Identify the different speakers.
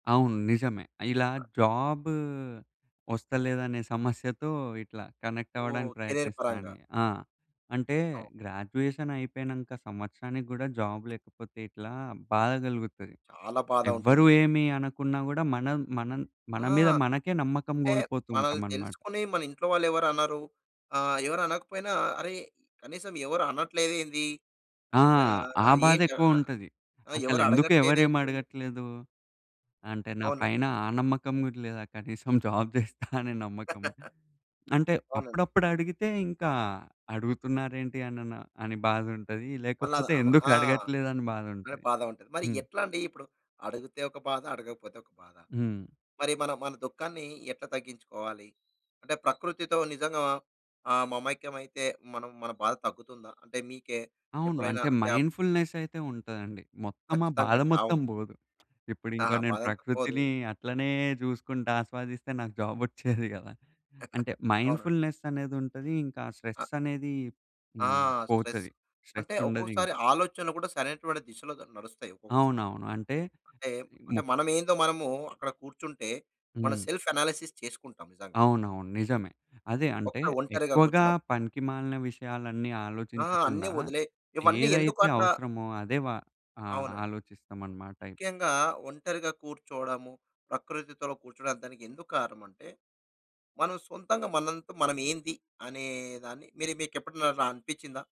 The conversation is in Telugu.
Speaker 1: అవును నిజమే. ఇలా జాబు ఒస్తలేదనే సమస్యతో ఇట్లా కనెక్ట్
Speaker 2: ఓహ్!
Speaker 1: అవ్వడానికి
Speaker 2: కేరియర్
Speaker 1: ప్రయత్నిస్తా
Speaker 2: పరంగా.
Speaker 1: అండి. ఆ! అంటే
Speaker 2: అవు
Speaker 1: గ్రాడ్యుయేషనైపోయినంక సంవత్సరానికి కూడా జాబ్ లేకపోతే ఇట్లా బాధ గలుగుతది.
Speaker 2: చాలా బాధ
Speaker 1: ఎవ్వరు
Speaker 2: ఉంటుంది.
Speaker 1: ఏమి అనకున్నా గూడా మనం మనం
Speaker 2: ఆ!
Speaker 1: మన మీద మనకే నమ్మకం
Speaker 2: అంటే
Speaker 1: గోల్పోతూ
Speaker 2: మనల్ని
Speaker 1: ఉంటామనమాట.
Speaker 2: తెలుసుకొని మనింట్లో వాళ్ళెవరు అనరు ఆహ్, ఎవరు అనకపోయినా అరే కనీసం ఎవరు అనట్లేదేంది?
Speaker 1: ఆ! ఆ
Speaker 2: ఆహ్,
Speaker 1: బాధే
Speaker 2: ఏంటి ఆహ్,
Speaker 1: ఎక్కువుంటది.
Speaker 2: ఎవరు
Speaker 1: అసలెందుకు ఎవరేమి
Speaker 2: అడగట్లేదేంటి?
Speaker 1: అడగట్లేదు? అంటే నా
Speaker 2: అవునండి.
Speaker 1: పైన ఆ నమ్మకం గూడా లేదా కనీసం జాబ్ జేస్తా అనే నమ్మకం. అంటే
Speaker 2: అవునండి.
Speaker 1: అప్పుడప్పుడు అడిగితే ఇంకా, అడుగుతున్నారేంటి? అననా అని బాధుంటది
Speaker 2: మల్లద
Speaker 1: లేకపోతే
Speaker 2: ఆమ
Speaker 1: ఎందుకు
Speaker 2: ఆ!
Speaker 1: అడగట్లేదన?
Speaker 2: అనే
Speaker 1: బాధుంటది.
Speaker 2: బాధ ఉంటది. మరి
Speaker 1: హ్మ్.
Speaker 2: ఎట్లా అండి ఇప్పుడు? అడిగితే ఒక బాధ అడగకపోతే ఒక బాధ.
Speaker 1: హ్మ్.
Speaker 2: మరి మన మన దుఃఖాన్ని ఎట్లా తగ్గించుకోవాలి? అంటే ప్రకృతితో నిజంగా ఆహ్, మమైక్యంమైతే మనం మన బాధ తగ్గుతుందా? అంటే మీకే
Speaker 1: అవును.
Speaker 2: ఎప్పుడైనా
Speaker 1: అంటే
Speaker 2: అంటే ఆ ఫీ
Speaker 1: మైండ్‌ఫుల్‌నెస్ అయితే ఉంటదండి. మొత్తం ఆ
Speaker 2: ఖచ్చితంగ
Speaker 1: బాధ
Speaker 2: అండి. అవును.
Speaker 1: మొత్తం బోదు.
Speaker 2: ఆ!
Speaker 1: ఇప్పుడింక నేను
Speaker 2: బాధంతా పోదు.
Speaker 1: ప్రకృతిని అట్లనే జూసుకుంటా ఆస్వాదిస్తే నాకు జాబొచ్చేది గదా! అంటే
Speaker 2: అవునండి.
Speaker 1: మైండ్‌ఫుల్‌నెస్ అనేదుంటది. ఇంక ఆ
Speaker 2: ఆ!
Speaker 1: స్ట్రెస్ అనేది
Speaker 2: ఆ!
Speaker 1: హ్మ్
Speaker 2: స్ట్రెస్.
Speaker 1: పోతది. స్ట్రెస్
Speaker 2: అంటే ఒక్కోకసారి
Speaker 1: ఉండదింకా.
Speaker 2: ఆలోచనలు కూడా సరైనటువంటి దిశలో గాని నడుస్తాయి ఒక్కొక్కసారి.
Speaker 1: అవునవును అంటే
Speaker 2: అంటే
Speaker 1: ముక్
Speaker 2: మనం ఏందో మనము అక్కడ కూర్చుంటే మన
Speaker 1: హ్మ్.
Speaker 2: సెల్ఫ్ యనాలిసిస్ చేసుకుంటాం నిజంగా.
Speaker 1: అవునవును. నిజమే. అదే అంటే
Speaker 2: ఒక్క ఒంటరిగా
Speaker 1: ఎక్కువగా
Speaker 2: కూర్చున్నప్పుడు.
Speaker 1: పనికిమాలిన విషయాలన్నీ
Speaker 2: ఆ! అన్నీ
Speaker 1: ఆలోచించకుండా
Speaker 2: వదిలేయి. ఇవన్నీ
Speaker 1: ఏదైతే
Speaker 2: ఎందుకట్లా
Speaker 1: అవసరమో అదే వ ఆ!
Speaker 2: అవునండి.
Speaker 1: ఆలోచిస్తామనమాటై
Speaker 2: ముఖ్యంగా ఒంటరిగా కూర్చోడము, ప్రకృతితో కూర్చోడెల్తానికి దానికి ఎందుకు కారణమంటే, మనం సొంతంగా మనంతు మనం ఏంది? అనే దాన్ని మీరి మీకెప్పుడన్నా రా అనిపిచ్చిందా?